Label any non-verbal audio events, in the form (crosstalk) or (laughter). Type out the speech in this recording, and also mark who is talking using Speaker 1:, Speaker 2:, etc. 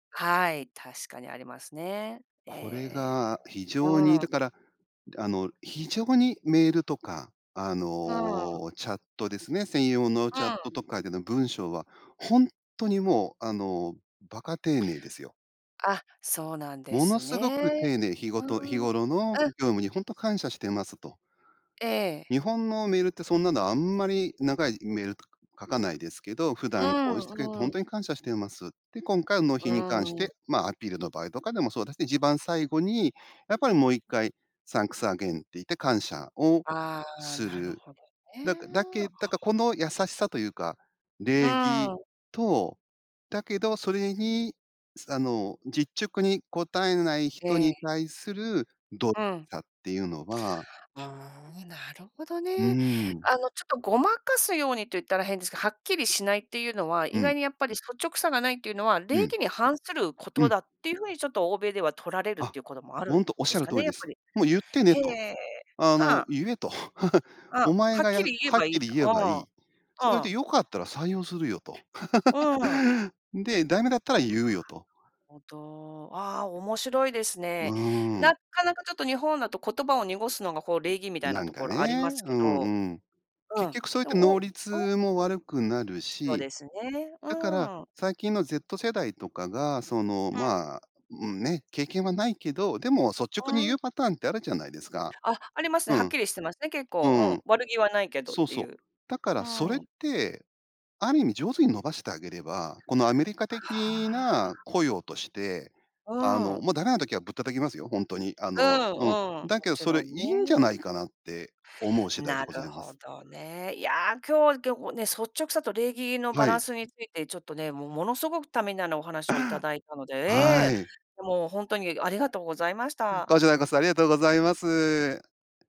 Speaker 1: はい、確かにありますね。えええ
Speaker 2: これ
Speaker 1: えええ、
Speaker 2: が非常
Speaker 1: う
Speaker 2: にだ
Speaker 1: ん。
Speaker 2: から、あの、非常にメールとか、あ
Speaker 1: はあ。
Speaker 2: の、チャットですね。専用の
Speaker 1: う
Speaker 2: チャッ
Speaker 1: ん。
Speaker 2: トとかでの文章は、ほんとにもうあの、馬鹿丁寧ですよ。
Speaker 1: あ、そうなんで
Speaker 2: もの
Speaker 1: す
Speaker 2: すごく丁
Speaker 1: ね。
Speaker 2: 寧、ひご
Speaker 1: うー
Speaker 2: と日
Speaker 1: ん、
Speaker 2: 頃の
Speaker 1: うん。
Speaker 2: 業務に、ほんとに感謝してますと。
Speaker 1: ええ。
Speaker 2: 日本のメールってそんなの、あんまり長いメールとか書かないですけど、普
Speaker 1: う
Speaker 2: 段こうしてくれて、
Speaker 1: ん
Speaker 2: ほ
Speaker 1: う
Speaker 2: んと
Speaker 1: ん。
Speaker 2: に感謝しています。で、今回納
Speaker 1: う
Speaker 2: 品に関し
Speaker 1: ーん。
Speaker 2: て、まあ、アピールの場合とかでもそうですね。一番最後に、やっぱりもう1回サンクスアゲインって言って、感謝を
Speaker 1: ああ、
Speaker 2: す
Speaker 1: なる
Speaker 2: る。
Speaker 1: ほどね。
Speaker 2: だかだ
Speaker 1: あ
Speaker 2: けだか、こ
Speaker 1: あ。
Speaker 2: の優しさというか、
Speaker 1: う
Speaker 2: 礼儀
Speaker 1: ん。
Speaker 2: と、だけどそれにあの、実直に応えない
Speaker 1: え
Speaker 2: 人に
Speaker 1: え。
Speaker 2: 対する、動
Speaker 1: うん。
Speaker 2: 作っていうのは
Speaker 1: うーん、なるほど
Speaker 2: う
Speaker 1: ね。
Speaker 2: ん。
Speaker 1: あのちょっとごまかすように、と言ったら変ですけど、はっきりしないっていうのは、
Speaker 2: う
Speaker 1: 意
Speaker 2: ん。
Speaker 1: 外にやっぱり、率直さがないっていうのは、
Speaker 2: う
Speaker 1: 礼
Speaker 2: ん。
Speaker 1: 儀に反するこ
Speaker 2: う
Speaker 1: と
Speaker 2: ん。
Speaker 1: だっていう風に、ちょっと欧米では取られるっ
Speaker 2: あ、
Speaker 1: ていうこともある
Speaker 2: ほ
Speaker 1: ん
Speaker 2: んとおっし
Speaker 1: で
Speaker 2: ゃ
Speaker 1: す
Speaker 2: る
Speaker 1: か
Speaker 2: 通
Speaker 1: ね、
Speaker 2: り
Speaker 1: や
Speaker 2: で
Speaker 1: っぱ
Speaker 2: す。
Speaker 1: り。
Speaker 2: もう言ってね
Speaker 1: へ
Speaker 2: と。
Speaker 1: え、
Speaker 2: あ
Speaker 1: は
Speaker 2: の
Speaker 1: あ。
Speaker 2: 言えと。
Speaker 1: う
Speaker 2: (laughs)
Speaker 1: ん。は
Speaker 2: お前
Speaker 1: っ
Speaker 2: がや
Speaker 1: き
Speaker 2: は
Speaker 1: り言え
Speaker 2: っ
Speaker 1: ばい
Speaker 2: き
Speaker 1: いん
Speaker 2: り
Speaker 1: だ。
Speaker 2: 言え
Speaker 1: う
Speaker 2: ばい
Speaker 1: ん。
Speaker 2: い。それ
Speaker 1: う
Speaker 2: で
Speaker 1: ん。
Speaker 2: 良かったら採用するよと。
Speaker 1: うん。
Speaker 2: (laughs) で、駄目だったら言うよと。
Speaker 1: ほんとう、ああ、面白いです
Speaker 2: う
Speaker 1: ね。
Speaker 2: ー
Speaker 1: な
Speaker 2: ん。
Speaker 1: っかなかちょっと、日本だと言葉を濁すのが、こう礼儀みたい
Speaker 2: な
Speaker 1: な
Speaker 2: ん
Speaker 1: と
Speaker 2: か
Speaker 1: こ
Speaker 2: ね、
Speaker 1: ろあります
Speaker 2: う
Speaker 1: け
Speaker 2: ん
Speaker 1: ど。
Speaker 2: うん。
Speaker 1: う
Speaker 2: 結
Speaker 1: ん、
Speaker 2: 局そうやっ
Speaker 1: で
Speaker 2: て、
Speaker 1: もお
Speaker 2: 能
Speaker 1: うおう。
Speaker 2: 率も悪くなる
Speaker 1: そう
Speaker 2: し、
Speaker 1: ですね。
Speaker 2: だか
Speaker 1: う
Speaker 2: ら、
Speaker 1: ん。
Speaker 2: 最近の Z 世代とかが、その、
Speaker 1: うん。
Speaker 2: まあ、うん、ね。経験はないけど、でも率
Speaker 1: う
Speaker 2: 直に言う
Speaker 1: ん。
Speaker 2: パターンって、あるじゃないですか。
Speaker 1: あ、ありますね、
Speaker 2: う
Speaker 1: はっ
Speaker 2: ん。
Speaker 1: きりしてますね、結
Speaker 2: う
Speaker 1: 構、
Speaker 2: ん。
Speaker 1: うん。悪気はないけどっ
Speaker 2: そう
Speaker 1: て
Speaker 2: そ
Speaker 1: い
Speaker 2: う。
Speaker 1: う。
Speaker 2: だか
Speaker 1: う
Speaker 2: らそれっ
Speaker 1: ん。
Speaker 2: て、ある意味上手に伸ばしてあげれば、このアメリカ
Speaker 1: は
Speaker 2: 的
Speaker 1: あ。
Speaker 2: な雇用として、
Speaker 1: う
Speaker 2: あの、
Speaker 1: ん。
Speaker 2: もう駄目な時はぶったたきますよ、ほんとに。あ
Speaker 1: う
Speaker 2: の、
Speaker 1: ん
Speaker 2: うん。
Speaker 1: うん。も
Speaker 2: だけど
Speaker 1: ち
Speaker 2: それ、
Speaker 1: ろ
Speaker 2: い
Speaker 1: ん
Speaker 2: いんじゃな
Speaker 1: ね。
Speaker 2: いかなって思う次第で
Speaker 1: な
Speaker 2: ござ
Speaker 1: る
Speaker 2: いま
Speaker 1: ほ
Speaker 2: す。
Speaker 1: どね。いや、今日今日はね、率直さと礼儀のバ
Speaker 2: は
Speaker 1: ラ
Speaker 2: い。
Speaker 1: ンスについて、ちょっとね。もうものすごくためになるお話を
Speaker 2: あ
Speaker 1: いただいたので。
Speaker 2: あ。は
Speaker 1: ええ、
Speaker 2: い。
Speaker 1: もうほんとに、ありがとうございまし
Speaker 2: うん、
Speaker 1: た。
Speaker 2: こちらこそありがとうございます。